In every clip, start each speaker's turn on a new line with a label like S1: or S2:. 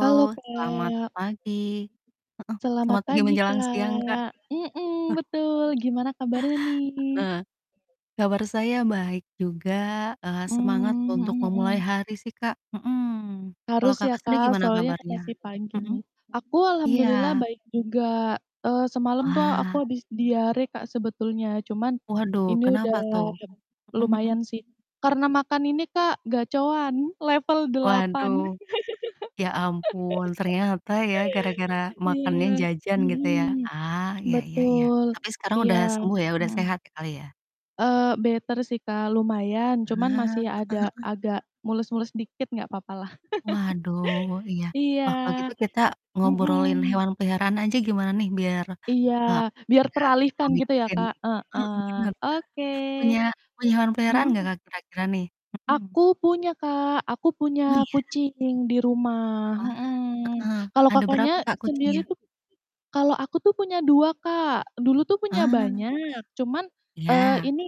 S1: Halo,
S2: selamat
S1: Kak.
S2: pagi. Heeh,
S1: Selamat
S2: selamat pagi
S1: pagi,
S2: menjelang siang, Kak.
S1: Kak. Mhm, betul. Gimana kabarnya nih?
S2: Heeh. Kabar saya baik juga, eee, semangat
S1: Mmm,
S2: untuk
S1: mhm
S2: memulai
S1: mhm.
S2: hari sih, Kak, mhm. Kalau
S1: Harus ya,
S2: Kakak sendiri
S1: Kak,
S2: gimana
S1: soalnya
S2: kabarnya?
S1: masih pagi
S2: Hmm.
S1: nih. Aku alhamdulillah
S2: Iya.
S1: baik juga. Eee, semalam tuh aku
S2: Wah.
S1: habis diare, Kak, sebetulnya, cuman
S2: Waduh,
S1: ini udah
S2: kenapa tuh? Mhm mhm.
S1: lumayan sih. Karena makan ini, Kak, Gacoan level 8.
S2: Waduh. Ya ampun ternyata ya, gara-gara makannya
S1: Iya.
S2: jajan gitu ya.
S1: Mhm,
S2: Ah, iya iya iya.
S1: betul,
S2: Tapi sekarang
S1: iya.
S2: udah sembuh ya udah
S1: Mhm.
S2: sehat sekali ya.
S1: Eee, better sih, Kak, lumayan.
S2: Ah,
S1: Cuman
S2: heeh
S1: masih ada
S2: heeh.
S1: agak mules-mules dikit nggak papalah.
S2: Waduh iya.
S1: Iya,
S2: Wah, kalau gitu kita ngobrolin
S1: mmm.
S2: hewan peliharaan aja gimana nih biar,
S1: Iya,
S2: eee,
S1: biar
S2: enggak terlalu
S1: teralihkan gitu ya,
S2: mikirin
S1: Kak.
S2: heeh
S1: Heeh.
S2: bener.
S1: Oke,
S2: Punya punya hewan peliharaan nggak,
S1: hmm.
S2: Kak, kira-kira nih? Hmm.
S1: Aku punya, Kak. Aku
S2: Oh
S1: punya
S2: iya.
S1: kucing di rumah,
S2: Wah,
S1: mhm.
S2: heeh.
S1: Kalau
S2: Ada berapa,
S1: Kakaknya
S2: Kak,
S1: sendiri
S2: kucingnya?
S1: tuh kalau aku tuh punya 2, Kak. Dulu tuh punya
S2: Ah.
S1: banyak, cuman, eee,
S2: Iya.
S1: ini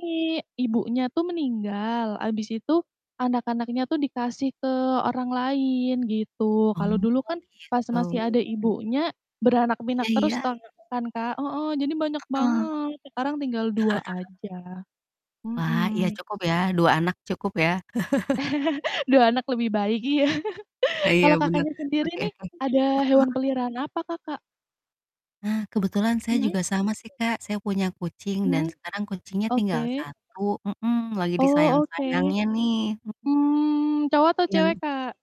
S1: ibunya tuh meninggal. Habis itu anak-anaknya tuh dikasih ke orang lain gitu. Kalau
S2: Oh
S1: dulu kan pas
S2: oh,
S1: masih
S2: gitu.
S1: ada ibunya, beranak
S2: Iya
S1: pinak
S2: iya.
S1: terus toh kan, Kak. Heeh, jadi banyak
S2: Heeh.
S1: banget. Sekarang tinggal 2 aja,
S2: Wah, iya
S1: mhm.
S2: cukup ya, 2 anak cukup ya.
S1: 2 anak lebih baik iya.
S2: E iya
S1: Kalau
S2: bener.
S1: Kakaknya sendiri
S2: Oke
S1: nih
S2: oke. Heeh
S1: ada hewan
S2: heeh.
S1: peliharaan apa Kakak?
S2: Nah, kebetulan saya juga
S1: Hmm?
S2: sama sih, Kak. Saya punya kucing dan
S1: Mmm?
S2: sekarang kucingnya tinggal
S1: Oke.
S2: 1. Mhm, lagi
S1: Oh oke.
S2: disayang-sayangnya nih, mhm.
S1: Mmm, cowok atau cewek,
S2: Yang
S1: Kak?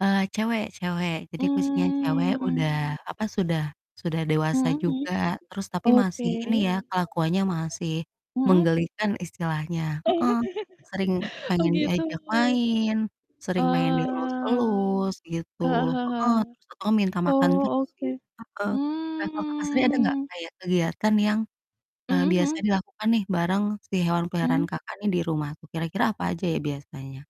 S2: Eee, cewek cewek. Jadi kucingnya cewek
S1: Mmm.
S2: udah, apa, sudah sudah dewasa
S1: Mmm, mhm.
S2: juga. Terus tapi masih
S1: Oke.
S2: ini ya kelakuannya masih,
S1: Mhm?
S2: menggelikan istilahnya,
S1: Oh.
S2: heeh. Sering
S1: Oh,
S2: pengen
S1: gitu.
S2: diajak main, sering pengen
S1: Oh,
S2: dielus-elus gitu,
S1: heeh
S2: heeh.
S1: heeh.
S2: Terus tau-tau minta makan
S1: Oh
S2: terus
S1: oke.
S2: sih, heeh. Nah, kalau Kakak sendiri, ada nggak
S1: Mmm.
S2: kayak kegiatan yang, eee,
S1: Mmm,
S2: biasanya
S1: mhm.
S2: dilakukan nih bareng si hewan peliharaan
S1: Mmm.
S2: Kakak nih di rumah tuh, kira-kira apa aja ya biasanya?